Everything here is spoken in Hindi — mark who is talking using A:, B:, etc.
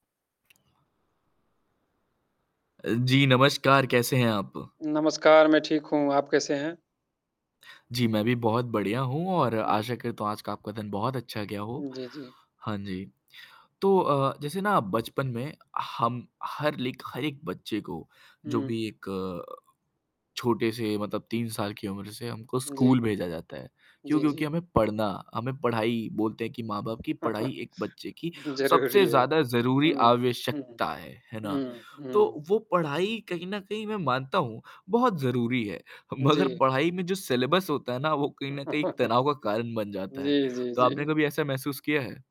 A: अ, जी नमस्कार कैसे हैं आप?
B: नमस्कार मैं ठीक हूँ, आप कैसे हैं?
A: जी, मैं भी बहुत बढ़िया हूँ और
B: हुँ, हुँ।
A: आशा करता आज का आपका दिन बहुत अच्छा गया हो।
B: जी, जी।
A: हाँ जी। तो अ, जैसे ना बचपन में हम हर लाइक हर एक बच्चे को जो
B: हुँ।
A: भी एक छोटे से मतलब 3 साल की उम्र से हमको
B: जी।
A: स्कूल भेजा जाता है, क्यों?
B: जी,
A: क्योंकि
B: जी।
A: हमें पढ़ना हमें पढ़ाई बोलते हैं कि माँ-बाप की पढ़ाई एक बच्चे की सबसे
B: ज़रूरी है।
A: ज़्यादा ज़रूरी
B: हुँ, हुँ, हुँ,
A: आवश्यकता है, है ना?
B: हुँ, हुँ।
A: तो वो पढ़ाई कहीं न कहीं मैं मानता हूँ, बहुत ज़रूरी है। मगर
B: जी।
A: पढ़ाई में जो सिलेबस होता है ना वो कहीं न कहीं एक तनाव का कारण बन जाता
B: जी,
A: है।
B: जी,
A: तो आपने
B: जी।
A: कभी ऐसा महसूस किया है?